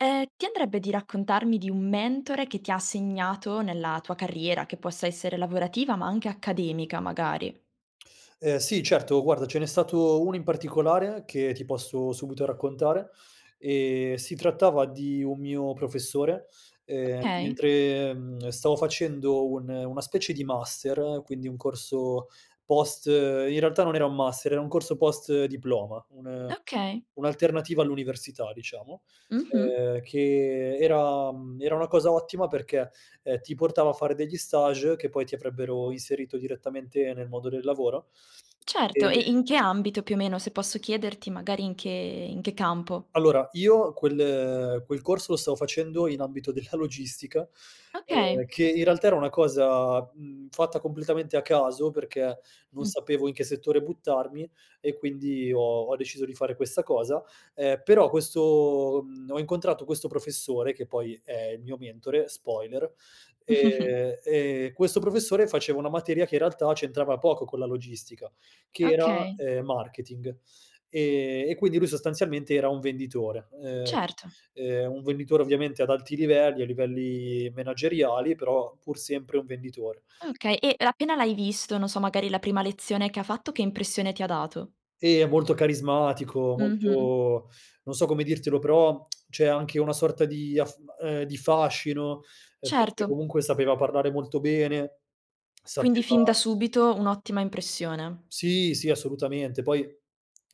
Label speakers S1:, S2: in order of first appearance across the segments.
S1: Ehm, ti andrebbe di raccontarmi di un mentore che ti ha segnato nella tua carriera, che possa essere lavorativa, ma anche accademica magari?
S2: Ehm, sì, certo. Guarda, ce n'è stato 1 in particolare che ti posso subito raccontare: ehm, si trattava di un mio professore, ehm,
S1: Okay.
S2: mentre, mhmm, stavo facendo un una specie di master, quindi un corso post in realtà, non era un master, era un corso post diploma, un
S1: Okay.
S2: un'alternativa all'università, diciamo,
S1: Mh-mh.
S2: ehm, che era mhmm, era una cosa ottima perché, ehm, ti portava a fare degli stages che poi ti avrebbero inserito direttamente nel modo del lavoro.
S1: Certo, e
S2: Ehm
S1: in che ambito, più o meno, se posso chiederti magari in che in che campo?
S2: Allora, io quel quel corso lo stavo facendo in ambito della logistica, ehm,
S1: Okay.
S2: che, in realtà, era una cosa, mhmm, fatta completamente a caso perché non
S1: Mh.
S2: sapevo in che settore buttarmi e quindi ho ho deciso di fare questa cosa, ehm, però questo mhmm, ho incontrato questo professore, che poi è il mio mentore, spoiler, ehm, e questo professore faceva una materia che, in realtà, c'entrava poco con la logistica che era,
S1: Okay.
S2: ehm, marketing. Ehm, e quindi lui sostanzialmente era un venditore, ehm,
S1: Certo.
S2: ehm, un venditore ovviamente ad alti livelli, a livelli manageriali, però pur sempre un venditore.
S1: Okay e l appena l'hai visto, non so, magari la prima lezione che ha fatto, che impressione ti ha dato?
S2: Ehm, molto carismatico,
S1: Mh-mh.
S2: molto non so come dirtelo, però cioè anche una sorta di af ehm, di fascino, ehm, perché
S1: Certo.
S2: comunque sapeva parlare molto bene,
S1: Quindi fin
S2: sapeva
S1: da subito un'ottima impressione.
S2: Sì, sì, assolutamente. Poi,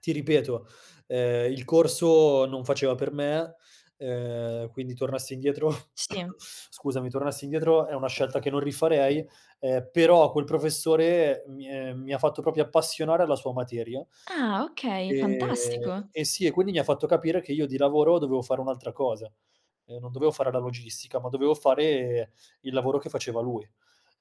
S2: ti ripeto, ehm, il corso non faceva per me, ehm, quindi tornassi indietro
S1: Sì.
S2: scusami, tornassi indietro è una scelta che non rifarei, ehm, però quel professore mi è mi ha fatto proprio appassionare alla sua materia.
S1: Ah, okay.
S2: Ehm,
S1: Fantastico!
S2: eh sì, e quindi mi ha fatto capire che io di lavoro dovevo fare un'altra cosa, ehm, non dovevo fare la logistica, ma dovevo fare il lavoro che faceva lui.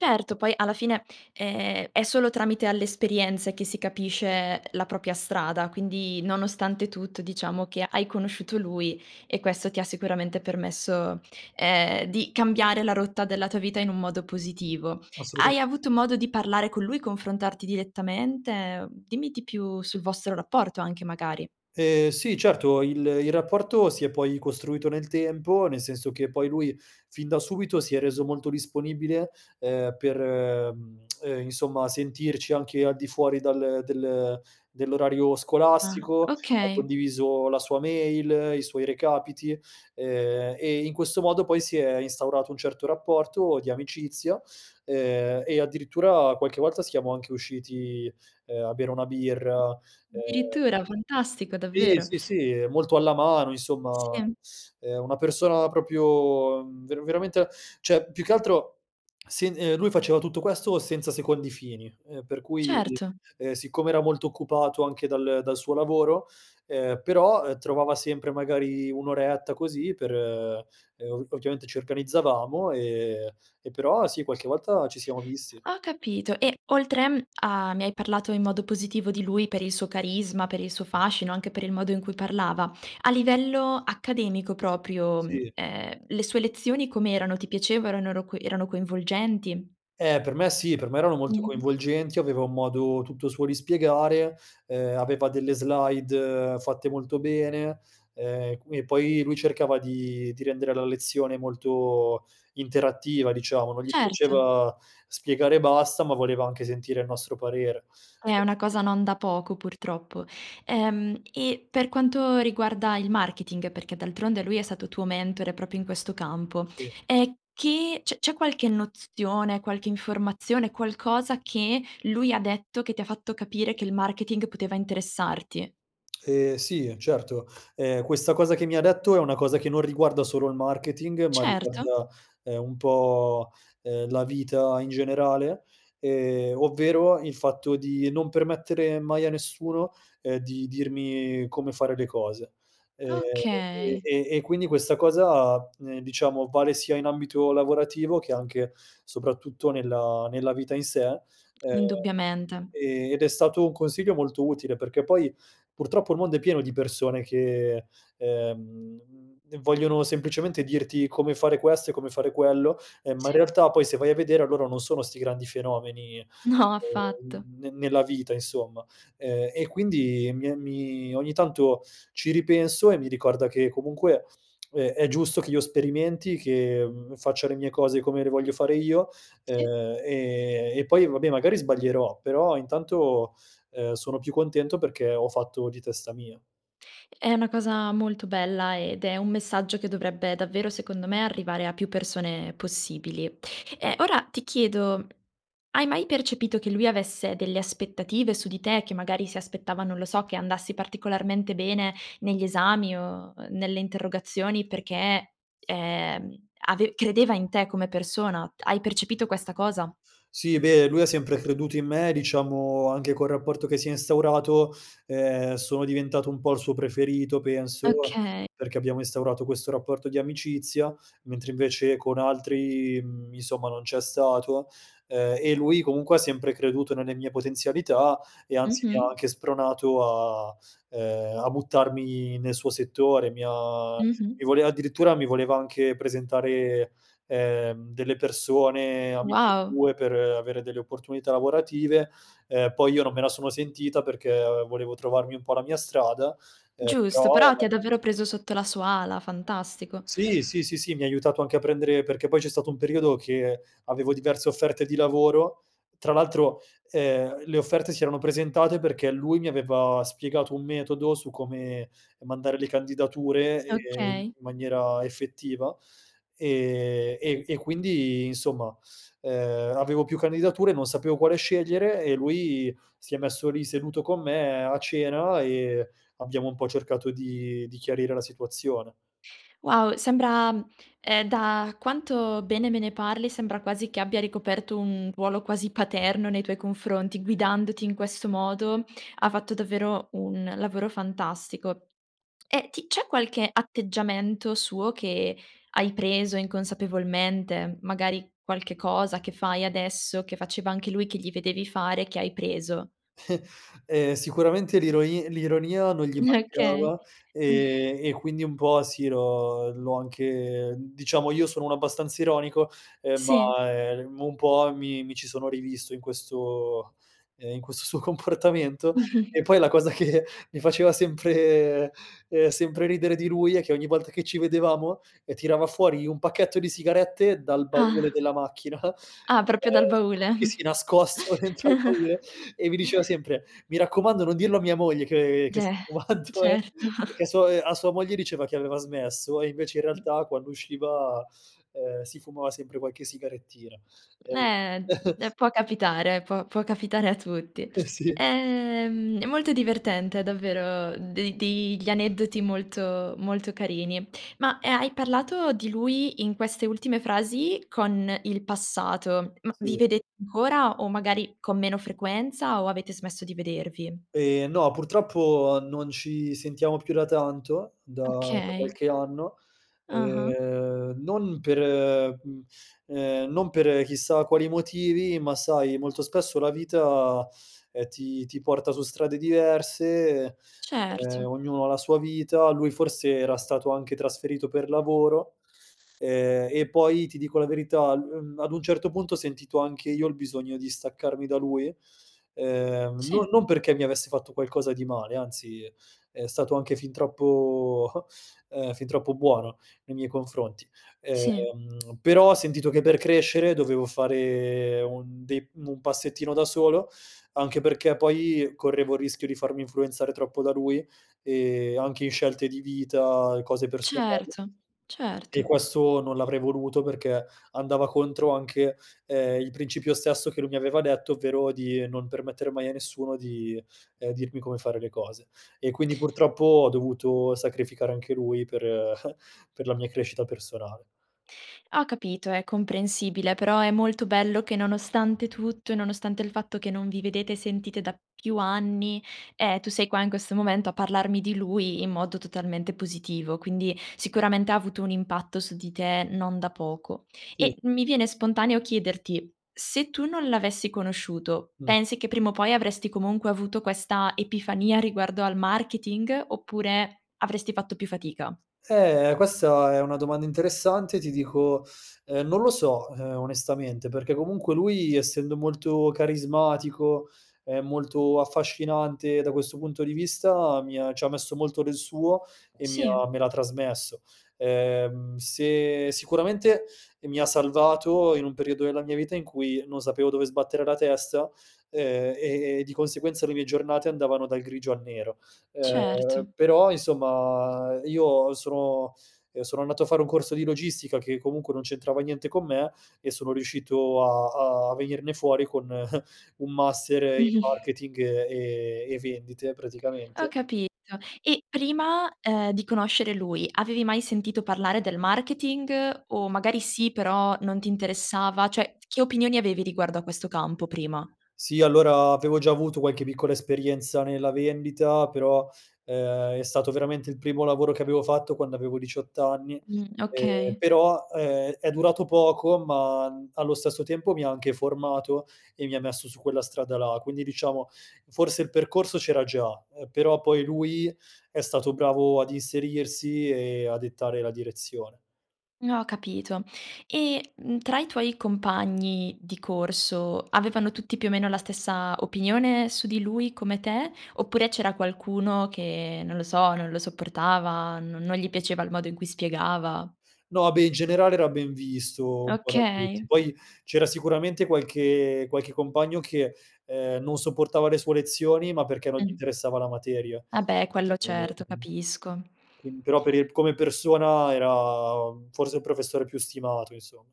S1: Certo, poi alla fine, ehm, è solo tramite alle esperienze che si capisce la propria strada, quindi nonostante tutto diciamo che hai conosciuto lui e questo ti ha sicuramente permesso, ehm, di cambiare la rotta della tua vita in un modo positivo. Hai
S2: Assolutamente sì.
S1: avuto modo di parlare con lui, confrontarti direttamente? Mhmm, dimmi di più sul vostro rapporto anche magari.
S2: Ehm, sì, certo, il il rapporto si è poi costruito nel tempo, nel senso che poi lui, fin da subito, si è reso molto disponibile, ehm, per, mhmm, ehm, insomma, sentirci anche al di fuori dal del dell'orario
S1: Ah,
S2: scolastico, ha
S1: okay.
S2: condiviso la sua mail, i suoi recapiti, ehm, e, in questo modo, poi si è instaurato un certo rapporto di amicizia, ehm, e addirittura qualche volta siamo anche usciti, ehm, a bere una birra, ehm
S1: Addirittura! Fantastico,
S2: Sì,
S1: davvero.
S2: sì, sì, è molto alla mano, insomma,
S1: Sì.
S2: ehm, una persona proprio, mhmm, ver veramente cioè più che altro sin ehm, lui faceva tutto questo senza secondi fini, ehm, per cui,
S1: Certo.
S2: ehm, siccome era molto occupato anche dal dal suo lavoro ehm, però, ehm, trovava sempre magari 1 oretta così per ehm, o ovviamente ci organizzavamo, ehm, e, però, sì, qualche volta ci siamo visti.
S1: Ho capito, e oltre, mhmm, a mi hai parlato in modo positivo di lui per il suo carisma, per il suo fascino, anche per il modo in cui parlava, a livello accademico proprio, mhmm,
S2: Sì.
S1: ehm, le sue lezioni com'erano? Ti piaceva, erano ro co erano coinvolgenti?
S2: Eh, per me sì, per me erano molto
S1: Mh-mh.
S2: coinvolgenti, aveva un modo tutto suo di spiegare, ehm, aveva delle slide fatte molto bene, ehm, e qu e poi lui cercava di di rendere la lezione molto interattiva, diciamo, non gli
S1: Certo.
S2: piaceva spiegare e basta, ma voleva anche sentire il nostro parere.
S1: Eh, è una cosa non da poco, purtroppo. Ehm, e per quanto riguarda il marketing, perché d'altronde lui è stato tuo mentore proprio in questo campo,
S2: Sì.
S1: ehm, che c'è c'è qualche nozione, qualche informazione, qualcosa che lui ha detto che ti ha fatto capire che il marketing poteva interessarti?
S2: Ehm, sì, certo, ehm, questa cosa che mi ha detto è una cosa che non riguarda solo il marketing, ma
S1: Certo.
S2: riguarda, ehm, un po', ehm, la vita in generale, ehm, ovvero il fatto di non permettere mai a nessuno, ehm, di dirmi come fare le cose. Ehm, e
S1: Okay.
S2: e e quindi questa cosa, ehm, diciamo, vale sia in ambito lavorativo che anche soprattutto nella nella vita in sé, ehm,
S1: Indubbiamente.
S2: ehm, ed è stato un consiglio molto utile perché poi, purtroppo, il mondo è pieno di persone che, ehm, mhmm, vogliono semplicemente dirti come fare questo e come fare quello, ehm, ma, in
S1: Sì.
S2: realtà, poi se vai a vedere loro non sono 'sti grandi fenomeni, ehm,
S1: No, affatto.
S2: n ne nella vita, insomma, ehm, e quindi mi è mi ogni tanto ci ripenso e mi ricorda che comunque, uhm, è giusto che io sperimenti che, mhmm, faccia le mie cose come le voglio fare io,
S1: Sì.
S2: ehm, e e poi, vabbè, magari sbaglierò però intanto, ehm, sono più contento perché ho fatto di testa mia.
S1: È una cosa molto bella ed è un messaggio che dovrebbe davvero, secondo me, arrivare a più persone possibili. Eh, ora ti chiedo, hai mai percepito che lui avesse delle aspettative su di te, che magari si aspettava, non lo so, che andassi particolarmente bene negli esami o o nelle interrogazioni perché, ehm, ave credeva in te come persona? Hai percepito questa cosa?
S2: Sì, beh, lui ha sempre creduto in me, diciamo anche col rapporto che si è instaurato, ehm, sono diventato un po' il suo preferito, penso,
S1: Okay.
S2: perché abbiamo instaurato questo rapporto di amicizia, mentre, invece, con altri, mhmm, insomma, non c'è stato. Ehm, e lui comunque ha sempre creduto nelle mie potenzialità, e, anzi, mi ha
S1: Mh-mh.
S2: anche spronato a ehm, a buttarmi nel suo settore. Mi ha
S1: Mh-mh.
S2: mi voleva addirittura mi voleva anche presentare, ehm, delle persone amiche
S1: Wow!
S2: sue per avere delle opportunità lavorative, ehm, poi io non me la sono sentita perché, ehm, volevo trovarmi un po' la mia strada, ehm,
S1: Giusto,
S2: però
S1: però ti ha davvero preso sotto la sua ala, fantastico.
S2: Sì, sì, sì, sì, mi ha aiutato anche a prendere perché poi c'è stato un periodo che avevo diverse offerte di lavoro, tra l'altro, ehm, le offerte si erano presentate perché lui mi aveva spiegato un metodo su come mandare le candidature, ehm, in
S1: Okay.
S2: maniera effettiva, ehm, e e quindi, insomma, ehm, avevo più candidature, non sapevo quale scegliere e lui si è messo lì seduto con me a cena e abbiamo un po' cercato di di chiarire la situazione,
S1: Wow, sembra, mhmm, ehm, da quanto bene me ne parli, sembra quasi che abbia ricoperto un ruolo quasi paterno nei tuoi confronti. Guidandoti in questo modo ha fatto davvero un lavoro fantastico. E ti c'è qualche atteggiamento suo che hai preso inconsapevolmente? M magari qualche cosa che fai adesso, che faceva anche lui, che gli vedevi fare che hai preso?
S2: Ehm, sicuramente l'ironi l'ironia non gli
S1: Okay.
S2: mancava, ehm, e quindi un po' sì l'ho l'ho anche ehm, diciamo, io sono uno abbastanza ironico, ehm,
S1: Sì.
S2: ma, ehm, un po' mi mi ci sono rivisto in questo, ehm, in questo suo comportamento e poi la cosa che mi faceva sempre ehm, sempre ridere di lui è che ogni volta che ci vedevamo, ehm, tirava fuori un pacchetto di sigarette dal baule
S1: Ah.
S2: della macchina, ehm
S1: Ah, proprio dal baule.
S2: sì, sì nascosto dentro al baule e mi diceva sempre: "Mi raccomando, non dirlo a mia moglie che che
S1: Cioè
S2: sto fumando eh"
S1: certo.
S2: perché a su ehm, a sua moglie diceva che aveva smesso e invece, in realtà, quando usciva, ehm, si fumava sempre qualche sigarettina, ehm
S1: eh, può capitare, può può capitare a tutti.
S2: Eh, sì.
S1: Ehm, è molto divertente davvero de dei gli aneddoti molto molto carini. Ma, ehm, hai parlato di lui in queste ultime frasi con il passato, ma vi
S2: Sì.
S1: vedete ancora o magari con meno frequenza, o avete smesso di vedervi?
S2: Ehm, no, purtroppo, non ci sentiamo più da tanto, da da
S1: Okay.
S2: qualche anno,
S1: Ah-ah.
S2: ehm, non per ehm, mhmm, ehm, non per chissà quali motivi, ma, sai, molto spesso la vita, ehm, ti ti porta su strade diverse, e, ehm,
S1: Certo.
S2: ognuno ha la sua vita, lui forse era stato anche trasferito per lavoro, ehm, e poi ti dico la verità l uhm, ad un certo punto, ho sentito anche io il bisogno di staccarmi da lui, ehm, non
S1: Sì.
S2: non perché mi avesse fatto qualcosa di male, anzi, è è stato anche fin troppo ehm, fin troppo buono nei miei confronti, ehm,
S1: Sì.
S2: però ho sentito che per crescere dovevo fare un dei un passettino da solo, anche perché poi correvo il rischio di farmi influenzare troppo da lui, ehm, anche in scelte di vita e cose personali,
S1: Certo,
S2: e
S1: certo.
S2: questo non l'avrei voluto perché andava contro anche, ehm, il principio stesso che lui mi aveva detto, ovvero di non permettere mai a nessuno di, ehm, dirmi come fare le cose. E quindi purtroppo ho dovuto sacrificare anche lui per per la mia crescita personale.
S1: Ho capito, è comprensibile, però è molto bello che nonostante tutto e nonostante il fatto che non vi vedete e sentite da più anni, ehm, tu sei qua in questo momento a parlarmi di lui in modo totalmente positivo, quindi sicuramente ha avuto un impatto su di te non da poco.
S2: Sì.
S1: E mi viene spontaneo chiederti: se tu non l'avessi conosciuto,
S2: Mh.
S1: pensi che prima o poi avresti comunque avuto questa epifania riguardo al marketing, oppure avresti fatto più fatica?
S2: Eh, questa è una domanda interessante. Ti dico, ehm, non lo so, ehm, onestamente perché comunque lui essendo molto carismatico, ehm, molto affascinante da questo punto di vista, mi ha ci ha messo molto del suo e mi
S1: Sì.
S2: ha me l'ha trasmesso. Ehm, se sicuramente, ehm, mi ha salvato in un periodo della mia vita in cui non sapevo dove sbattere la testa, ehm, e e di conseguenza le mie giornate andavano dal grigio al nero. Ehm,
S1: Certo.
S2: però, insomma, io sono ehm, sono andato a fare un corso di logistica che comunque non c'entrava niente con me e sono riuscito a a venirne fuori con un master in
S1: Mh-mh.
S2: marketing e e e vendite,
S1: Ho
S2: praticamente.
S1: capito. E prima, ehm, di conoscere lui, avevi mai sentito parlare del marketing? O magari sì, però non ti interessava? Cioè t che opinioni avevi riguardo a questo campo prima?
S2: Sì, allora, avevo già avuto qualche piccola esperienza nella vendita, però, ehm, è stato veramente il primo lavoro che avevo fatto quando avevo 18 anni,
S1: Mh,
S2: ehm,
S1: okay.
S2: però, ehm, è durato poco ma, mhmm, allo stesso tempo, mi ha anche formato e mi messo su quella strada là, quindi, diciamo, forse il percorso c'era già, ehm, però poi lui è stato bravo ad inserirsi e a dettare la direzione.
S1: Mhmm, ho capito. E, mhmm, tra i tuoi compagni di corso avevano tutti, più o meno, la stessa opinione su di lui come te, oppure c'era qualcuno che, non lo so, non lo sopportava, non non gli piaceva il modo in cui spiegava?
S2: No, beh, in generale era ben visto un po' da tutti.
S1: Okay.
S2: Poi, c'era sicuramente qualche qualche compagno che, ehm, non sopportava le sue lezioni, ma perché non gli
S1: Mh.
S2: interessava la materia.
S1: Ah, beh, quello certo,
S2: [unintelligible]
S1: capisco.
S2: Quin però per il come persona era, uhm, forse il professore più stimato, insomma.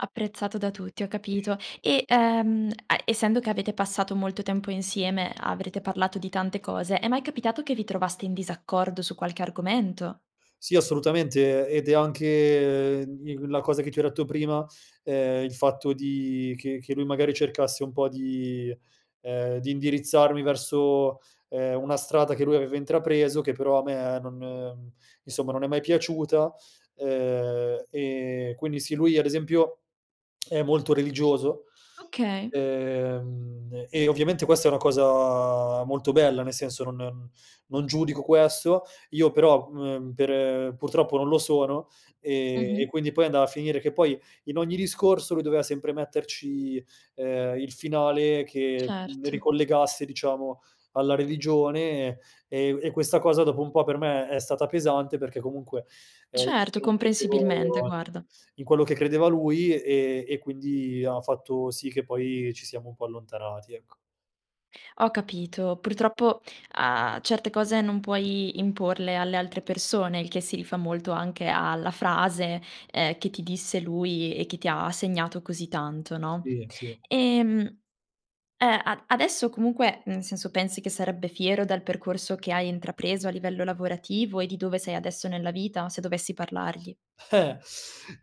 S1: Apprezzato da tutti, ho capito. E, ehm, a essendo che avete passato molto tempo insieme, avrete parlato di tante cose, è mai capitato che vi trovaste in disaccordo su qualche argomento?
S2: Sì, assolutamente, ed è anche, ehm, mhmm, in la cosa che ti ho detto prima, ehm, il fatto di che che lui magari cercasse un po' di ehm, di indirizzarmi verso, ehm, una strada che lui aveva intrapreso che però a me non mhmm, insomma, non è mai piaciuta, ehm, e quindi sì, lui ad esempio è molto religioso,
S1: Okay.
S2: ehm, e ovviamente questa è una cosa molto bella, nel senso non mhmm, non giudico questo, io però, mhmm, per e purtroppo non lo sono, ehm, e
S1: Mh-mh.
S2: quindi poi andava a finire che poi in ogni discorso lui doveva sempre metterci, ehm, il finale che, mhmm,
S1: Certo.
S2: ricollegasse, diciamo, alla religione, e e u e questa cosa dopo un po' per me è stata pesante perché comunque, ehm, io
S1: Certo,
S2: non
S1: comprensibilmente,
S2: credevo
S1: guarda.
S2: in quello che credeva lui e e quindi ha fatto sì che poi ci siamo un po' allontanati, ecco.
S1: Ho capito. Purtroppo a certe cose non puoi imporle alle altre persone, il che si rifà molto anche a la frase, ehm, che ti disse lui e che ti ha segnato così tanto, no?
S2: Sì, sì.
S1: Ehm, eh, a adesso comunque nel senso pensi che sarebbe fiero dal percorso che hai intrapreso a livello lavorativo e di dove sei adesso nella vita, se dovessi parlargli?
S2: Eh!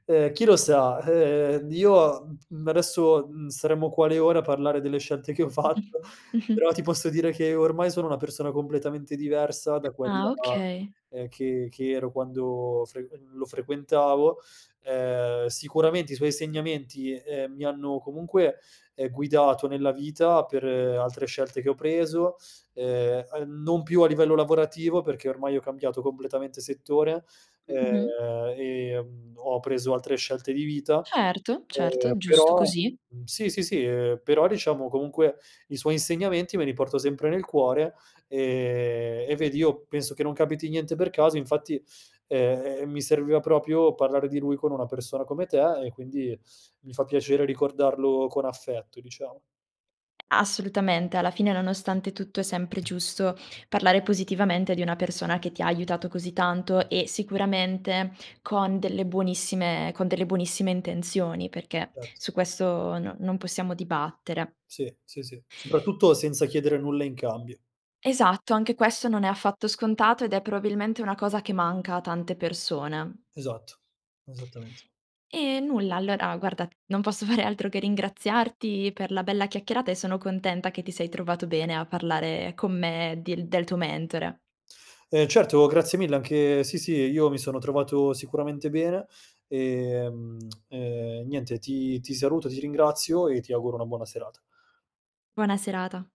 S2: Ehm, chi lo sa? Ehm, io, mhmm, p mhmm, adesso, mhmm, staremmo qua le ore a parlare delle scelte che ho fatto,
S1: Mh-mh.
S2: però ti posso dire che ormai sono una persona completamente diversa da
S1: Ah,
S2: quella,
S1: okay.
S2: ehm, che che ero quando frequen lo frequentavo. Ehm, sicuramente, i suoi insegnamenti, ehm, mi hanno comunque, ehm, guidato nella vita per altre scelte che ho preso, ehm, uhm, non più a livello lavorativo perché ormai ho cambiato completamente settore,
S1: Mh-mh.
S2: ehm, e, mhmm, ho preso altre scelte di vita,
S1: Certo,
S2: ehm,
S1: certo, giusto
S2: però
S1: così.
S2: mhmm, sì, sì, sì, ehm, però, diciamo, comunque i suoi insegnamenti me li porto sempre nel cuore, ehm, e vedi io penso che non capiti niente per caso, infatti, ehm, ehm, mi serviva proprio parlare di lui con una persona come te, e quindi mi fa piacere ricordarlo con affetto, diciamo.
S1: Assolutamente. Alla fine, nonostante tutto, è sempre giusto parlare positivamente di una persona che ti ha aiutato così tanto e sicuramente con delle buonissime con delle buonissime intenzioni, perché
S2: Erto.
S1: su questo no non possiamo dibattere.
S2: Sì, sì, sì, soprattutto senza chiedere nulla in cambio.
S1: Esatto, anche questo non è affatto scontato ed è probabilmente una cosa che manca a tante persone.
S2: Esatto. Esattamente.
S1: E nulla, allora, guarda, non posso fare altro che ringraziarti per la bella chiacchierata, e sono contenta che ti sei trovato bene a parlare con me dil del tuo mentore.
S2: Ehm, certo. Grazie mille anche sì, sì, io mi sono trovato sicuramente bene, e, ehm, niente, ti ti saluto, ti ringrazio e ti auguro una buona serata.
S1: Buona serata.